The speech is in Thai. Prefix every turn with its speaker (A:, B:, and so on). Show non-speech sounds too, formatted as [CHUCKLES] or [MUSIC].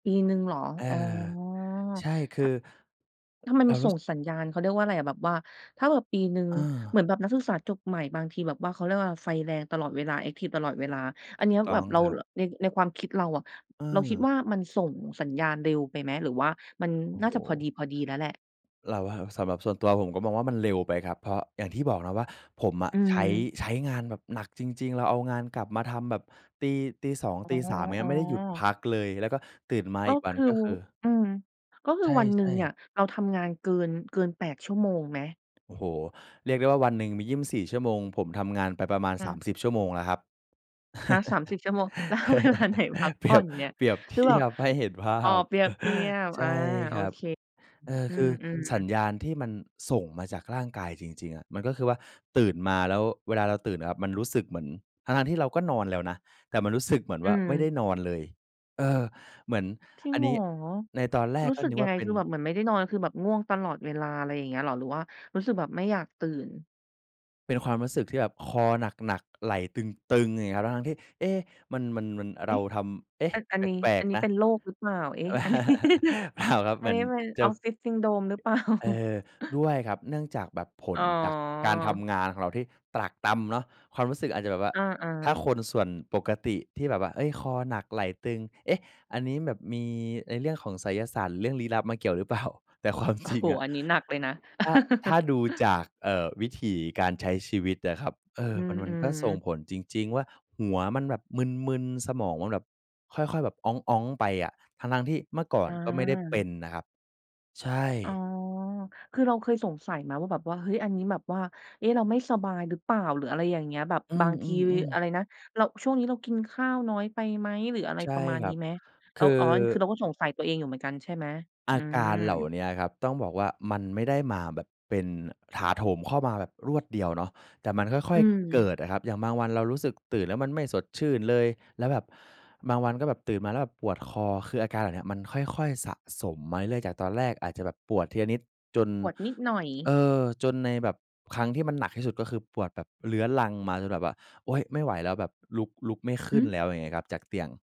A: ปีหนึ่งเหรอ?
B: เออ
A: อ๋อ
B: ใช่ ค
A: ถ
B: ือ
A: ะ ถ้ามัน
B: เร
A: ม
B: า
A: า
B: ร
A: ส
B: ู
A: ่
B: ้ ส
A: งสัญญาณ เขาเรียกว่าอะไรอะ แบบว่า ถ้าแบบปีหนึ่ง
B: อา
A: เหมือนแบบนักศึกษาจบใหม่บางทีแบบว่า เขาเรียกว่าไฟแรงตลอดเวลา แอ็กทิฟตลอดเวลา อ
B: ถ
A: ันเน
B: ูู
A: ี้
B: ก
A: ย
B: ต
A: แ
B: ้
A: บ
B: อง
A: บเรา
B: ครับ
A: ร ใน ในความคิดเราอะ
B: เ
A: เราคิด
B: ออ
A: ว่ามันส่งสัญญาณเร็วไปไหม? หรือว่ามัน
B: โอ้
A: น่า
B: โ
A: จะพอ
B: ฮ
A: ดี พอดีแล้วแหละ?
B: เราว่าสำหรับส่วนตัวผมก็มองว่ามันเร็วไปครับ เพราะอย่างที่บอกนะว่า ผมอะ
A: อื
B: ใช้
A: ม
B: ใช้งานแบบหนักจริง ๆ เราเอางานกลับมาทำแบบตี ตี 2
A: อ๋อ
B: ตี 3 อย่างเงี้ย ไม่ได้หยุดพ
A: ๆ
B: ักเลย แล้วก็ตื่นมา
A: ก็
B: อีกว
A: ค
B: ัน
A: ือ
B: ก็คือ
A: อืม ก็ค
B: ใ
A: ือวันหนึ
B: ช
A: ่
B: ่
A: งเนี่ย
B: ๆ
A: เราทำงานเกิน เกิน 8 ชั่วโมงไหม?
B: โอ้โฮ เรียกได้ว่าวันหนึ่งมี 24 ชั่วโมง ผมทำงานไปประมาณ
A: อ
B: สาม
A: ืม
B: สิบ ชั่วโมงแล้วครับ
A: ฮะ 30 ชั่วโมง แล้วเอาเวลาไหน พัก
B: [LAUGHS] เป
A: ผ
B: รี
A: ่อ
B: ยบ
A: นเนี่ย?
B: เปรียบเท
A: คือแบ
B: ี
A: บ
B: ยบให้เห็นภา
A: อ๋อ
B: พ
A: เปรียบเทีย
B: [CHUCKLES]
A: บ
B: ใช
A: อา
B: ่
A: โอ
B: ครับ
A: เค
B: เออ
A: อื
B: คือ
A: ม
B: สั
A: ๆ
B: ญญาณที่มันส่งมาจากร่างกายจริง ๆ อะ มันก็คือว่า ตื่นมาแล้ว เวลาเราตื่นอะครับ มันรู้สึกเหมือน ทั้ง ๆ ที่เราก็นอนแล้วนะ แต่มันรู้สึกเหมือน
A: อื
B: ว่าไม่ได้
A: ม
B: นอนเลย เออ เหมือน
A: จริง
B: อัน
A: เหร
B: น
A: อ?
B: ี้ในตอนแรก
A: รู้
B: ก็
A: สึ
B: น
A: ก
B: ึก
A: ยั
B: ว่
A: งไ
B: า
A: ง?
B: เป็
A: ค
B: น
A: ือแบบเหมือนไม่ได้นอน คือแบบง่วงตลอดเวลา ไรอย่างเงี้ยเหรอ? หรือว่ารู้สึกแบบไม่อยากตื่น?
B: เป็นความรู้สึกที่แบบคอหนัก ๆ ไหล่ตึง ๆ อย่างงี้อะครับ ทั้ง ๆ ที่ เอ๊ะ มัน มัน มัน
A: เอ
B: เร
A: ๊
B: า
A: ะ
B: ทำ เอ๊ะ
A: อัน อั
B: แ
A: นนี้
B: ปล
A: อ
B: ก
A: ันนี
B: ๆ
A: ้
B: นะ
A: เป็นโรครึเปล่า? เอ๊ะ อันนี้
B: [CHUCKLES]
A: [CHUCKLES]
B: เปล่าครับ
A: อ
B: เ
A: ั
B: หม
A: น
B: ือ
A: นี
B: น
A: ้เป็น
B: จะ
A: Office Syndrome รึ เปล่า?
B: เออ
A: [CHUCKLES]
B: ด้วยครับ เนื่องจากแบบผ
A: อ
B: ล
A: ๋
B: จากการท
A: อ
B: ำงานของเราที่ตรากตรำเนาะ ความรู้สึกอาจจะแบบว่า
A: อา
B: ถ้า
A: ๆ
B: คนส่วนปกติที่แบบว่า เอ๊ย คอหนักไหล่ตึง เอ๊ะ อันนี้แบบมีในเรื่องของไสยศาสตร์หรือเรื่องลี้ลับมาเกี่ยวหรือเปล่า? แต่ความ
A: โอ้
B: จริ
A: โ
B: ง
A: ฮ
B: อะ
A: อันนี้หนักเลยนะ
B: ถ้า ถ้า
A: [CHUCKLES]
B: ดูจาก เอ่อ วิถีการใช้ชีวิตนะครับ เออ
A: อื
B: มัน มันก็
A: ม
B: ส่ง
A: ๆ
B: ผลจริง ๆ ว่าหัวมันแบบมึน ๆ สมองมันแบบค่อย ๆ แบบอ๊อง ๆ ไปอะ ทั้ง ๆ ที่เมื่อก่อ
A: อ
B: นก็ไม่ได้เป็
A: า
B: นนะครับ ใช่
A: อ๋อ คือเราเคยสงสัยไหมว่าแบบว่า เฮ้ย อันนี้แบบว่า เอ๊ะ เราไม่สบายหรือเปล่า? หรืออะไรอย่างเงี้ย แบบ
B: อื
A: บางที
B: ม ๆ ๆ
A: อะไรนะ เรา ช่วงนี้เรากินข้าวน้อยไปไหม? หรืออะไร
B: ใช่
A: ประมาณ
B: คร
A: น
B: ั
A: ี้
B: บ
A: ไหม?
B: ค
A: เรา
B: ือ
A: อ๋อ คือเราก็สงสัยตัวเองอยู่เหมือนกันใช่ไหม?
B: อ
A: อื
B: าการเหล่า
A: ม
B: เนี้ยครับ ต้องบอกว่า มันไม่ได้มาแบบเป็น ถาโถมเข้ามาแบบรวดเดียวเนาะ แต่มันค่
A: อื
B: อย ๆ เก
A: ม
B: ิดอะครับ อย่างบางวันเรารู้สึกตื่นแล้วมันไม่สดชื่นเลย แล้วแบบบางวันก็แบบตื่นมาแล้วแบบปวดคอ คืออาการแบบนี้มันค่อย ๆ สะสมมาเรื่อย ๆ จากตอนแรกอาจจะแบบปวดทีละนิดจน
A: ปวดนิดหน่อย
B: เอ่อ จนในแบบ ครั้งที่มันหนักที่สุด ก็คือปวดแบบเรื้อรังมาจนแบบว่า โอ๊ย ไม่ไหวแล้ว แบบลุก ลุกไม่ข
A: ห
B: ึ้
A: ื
B: น
A: อ?
B: แล้ว อย่างเงี้ยครับ จากเตียง